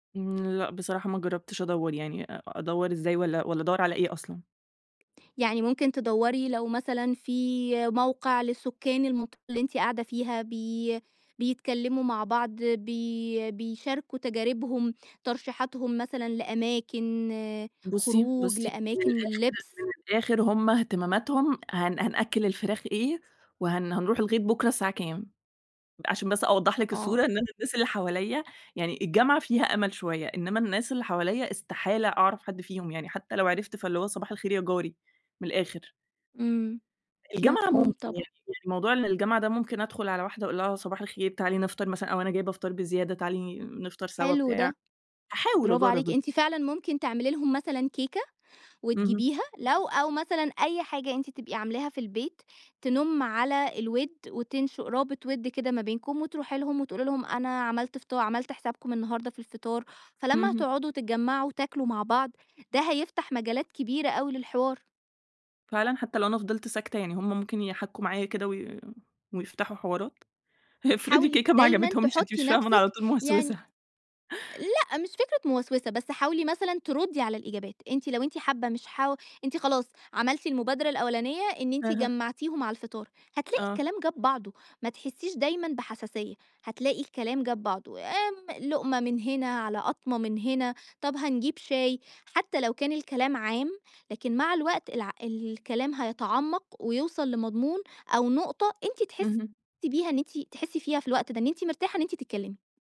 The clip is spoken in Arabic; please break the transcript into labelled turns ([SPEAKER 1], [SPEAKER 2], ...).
[SPEAKER 1] امم لأ بصراحة ما جربتش أدوَّر يعني، أدوَّر إزاي؟ والّا والّا أدوَّر على إيه أصلًا؟
[SPEAKER 2] يعني ممكن تدوَّري لو مثلًا في موقع للسكان المط اللي أنت قاعدة فيها بي بيتكلّموا مع بعض بي بيشاركوا تجاربهم، ترشيحاتهم مثلًا لأماكن
[SPEAKER 1] بصي،
[SPEAKER 2] خروج،
[SPEAKER 1] بصي، من
[SPEAKER 2] لأماكن
[SPEAKER 1] الآخر
[SPEAKER 2] للبس.
[SPEAKER 1] من الآخر هُم اهتماماتهم هن هنأكِّل الفراخ إيه؟ وهن هنروح الغيط بُكرة الساعة كام؟ عشان بس أوضح لِك الصورة،
[SPEAKER 2] آه.
[SPEAKER 1] إن أنا الناس اللي حواليَّ يعني الجامعة فيها أمل شوية، إنما الناس اللي حواليَّ استحالة أعرف حد فيهم يعني، حتّى لو عرفت فاللي هو صباح الخير يا جاري، من الآخر.
[SPEAKER 2] امم،
[SPEAKER 1] الجامعة ممكن
[SPEAKER 2] مفهوم
[SPEAKER 1] يعني،
[SPEAKER 2] طبعًا.
[SPEAKER 1] موضوع إن الجامعة ده ممكن أدخل على واحدة وأقول لها صباح الخير، تعالي نفطر مثلًا أو أنا جايبة فطار بزيادة، تعالي نفطر سوا،
[SPEAKER 2] حلو
[SPEAKER 1] بتاع،
[SPEAKER 2] ده،
[SPEAKER 1] هاحاول
[SPEAKER 2] برافو عليكِ،
[SPEAKER 1] أجرب
[SPEAKER 2] أنتِ فعلًا ممكن تعملي لهم مثلًا كيكة
[SPEAKER 1] اهم.
[SPEAKER 2] وتجيبيها لو أو مثلًا أي حاجة أنتِ تبقي عاملاها في البيت، تنُم على الود وتُنشئ رابط ود كده ما بينكم، وتروحي لهم وتقولي لهم أنا عملت فط عملت حسابكم النهارده في الفطار. فلما
[SPEAKER 1] اهم.
[SPEAKER 2] تقعدوا وتتجمعوا وتاكلوا مع بعض، ده هيفتح مجالات كبيرة أوي للحوار.
[SPEAKER 1] فعلًا حتّى لو أنا فضلت ساكتة يعني هُم ممكن يحكُّوا معايا كده وي ويفتحوا حوارات؟ افرضي
[SPEAKER 2] حاولي
[SPEAKER 1] الكيكة ما
[SPEAKER 2] دايمًا
[SPEAKER 1] عجبتهمش؟ أنتِ
[SPEAKER 2] تحطّي
[SPEAKER 1] مش فاهمة أنا على
[SPEAKER 2] نفسِك
[SPEAKER 1] طول موسوسة.
[SPEAKER 2] يعني لأ مش فكرة موسوسة، بس حاولي مثلًا تردي على الإجابات، أنتِ لو أنتِ حابّة مش حاو أنتِ خلاص عملتِ المبادرة الأولانية إن أنتِ
[SPEAKER 1] أها.
[SPEAKER 2] جمَّعتيهم على الفطار، هتلاقي
[SPEAKER 1] آه.
[SPEAKER 2] الكلام جاب بعضه، ما تحسيش دايمًا بحساسية، هتلاقي الكلام جاب بعضه، آمم، لقمة من هنا، على قطمة من هنا، طب هنجيب شاي. حتى لو كان الكلام عام، لكن مع الوقت الع الكلام هيتعمق ويوصل لمضمون أو نقطة أنتِ تحسّي
[SPEAKER 1] اهم.
[SPEAKER 2] بيها إن أنتِ تحسّي فيها في الوقت ده إن أنتِ مرتاحة إن أنتِ تتكلمي.